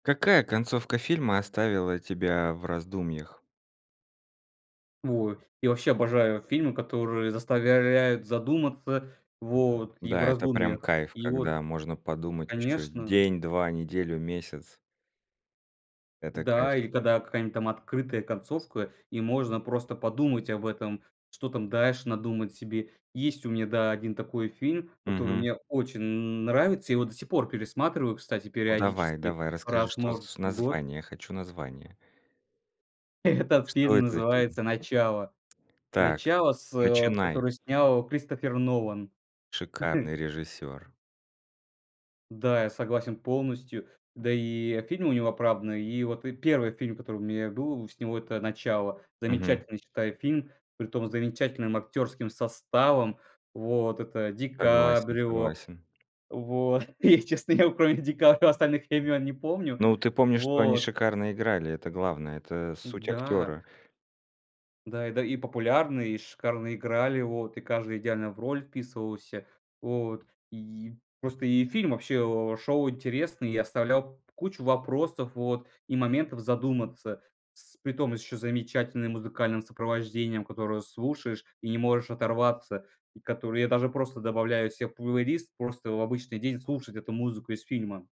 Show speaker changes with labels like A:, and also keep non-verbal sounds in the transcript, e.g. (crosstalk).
A: Какая концовка фильма оставила тебя в раздумьях?
B: Ой, я вообще обожаю фильмы, которые заставляют задуматься, вот, и в
A: Да, это прям
B: раздумьях.
A: кайф,
B: И
A: когда
B: вот,
A: можно подумать ещё
B: конечно
A: день, 2, неделю, месяц. Это
B: да
A: кайф.
B: или когда какая-нибудь там открытая концовка, и можно просто подумать об этом, что там дальше надумать себе. Есть у меня, да, 1 такой фильм, который
A: Мгм.
B: мне очень н нравится. Я его до сих пор пересматриваю, кстати,
A: Ну давай,
B: периодически
A: давай, расскажи,
B: раз,
A: что с
B: может,
A: з
B: в год.
A: название, я хочу название.
B: Этот
A: Что
B: фильм
A: это за фильм?
B: называется "Начало."
A: Так,
B: "Начало", с
A: начинай.
B: которое снял Кристофер Нолан.
A: Шикарный режиссер.
B: (chuckles) Да, я согласен полностью. Да и, э, фильмы у него оправданы. И вот, э, 1 фильм, который у меня был с него- это "Начало".
A: Мгм.
B: Замечательный, считаю, фильм, притом с замечательным актерским составом. Вот. Это
A: Согласен,
B: ДиКаприо.
A: согласен.
B: Вот. И, честно, вот кроме ДиКаприо остальных имен не помню.
A: Ну, ты помнишь, что они
B: Вот.
A: шикарно играли- это главное, это суть
B: Да.
A: актёра.
B: Да и, да, и популярные, и шикарно играли. Вот. И каждый идеально в роль вписывался. Вот. И просто и фильм вообще, э, шел интересный, и оставлял кучу вопросов, вот, и моментов задуматься. С притом с еще замечательным музыкальным сопровождением, которое слушаешь и не можешь оторваться. И которое я даже просто добавляю себе в плейлист, просто в обычный день слушать эту музыку из фильма.